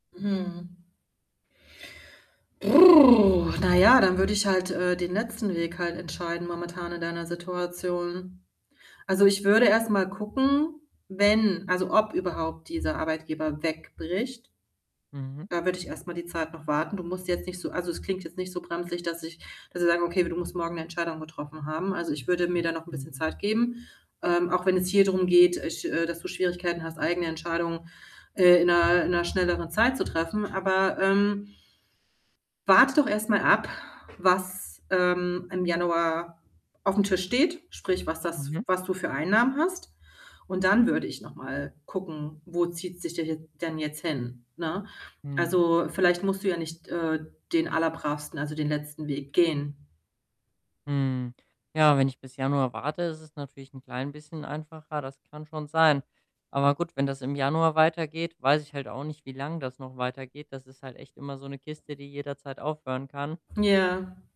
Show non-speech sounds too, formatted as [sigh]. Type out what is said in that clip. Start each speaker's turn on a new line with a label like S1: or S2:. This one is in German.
S1: Mhm. [lip trill] Na ja, dann würde ich halt, äh, den letzten Weg halt entscheiden momentan in deiner Situation. Also, ich würde erst mal gucken, wenn also, ob überhaupt dieser Arbeitgeber wegbricht.
S2: Mhm.
S1: Da würde ich erst mal die Zeit noch warten. Du musst jetzt nicht so also, es klingt jetzt nicht so brenzlig, dass ich dass ich sagen würde, okay, du musst morgen 'ne Entscheidung getroffen haben. Also, ich würde mir da noch 'n bisschen
S2: Mhm.
S1: Zeit geben, ähm, auch wenn es hier drum geht, ich äh, dass du Schwierigkeiten hast, eigene Entscheidungen, äh, in 'ner in 'ner schnelleren Zeit zu treffen. Aber, ähm, warte doch erst mal ab, was, ähm, im Januar auf'm Tisch steht, sprich was das
S2: Mhm.
S1: was du für Einnahmen hast und dann würde ich noch mal gucken, wo zieht sich der jet denn jetzt hin, ne?
S2: Mhm.
S1: Also, vielleicht musst du ja nicht, äh, den allerbravsten also, den letzten Weg gehen.
S2: Hm, ja, wenn ich bis Januar warte, ist es natürlich 'n klein bisschen einfacher. Das kann schon sein. Aber gut, wenn das im Januar weitergeht, weiß ich halt auch nicht, wie lang das noch weitergeht. Das ist halt echt immer so 'ne Kiste, die jederzeit aufhören kann.
S1: Ja.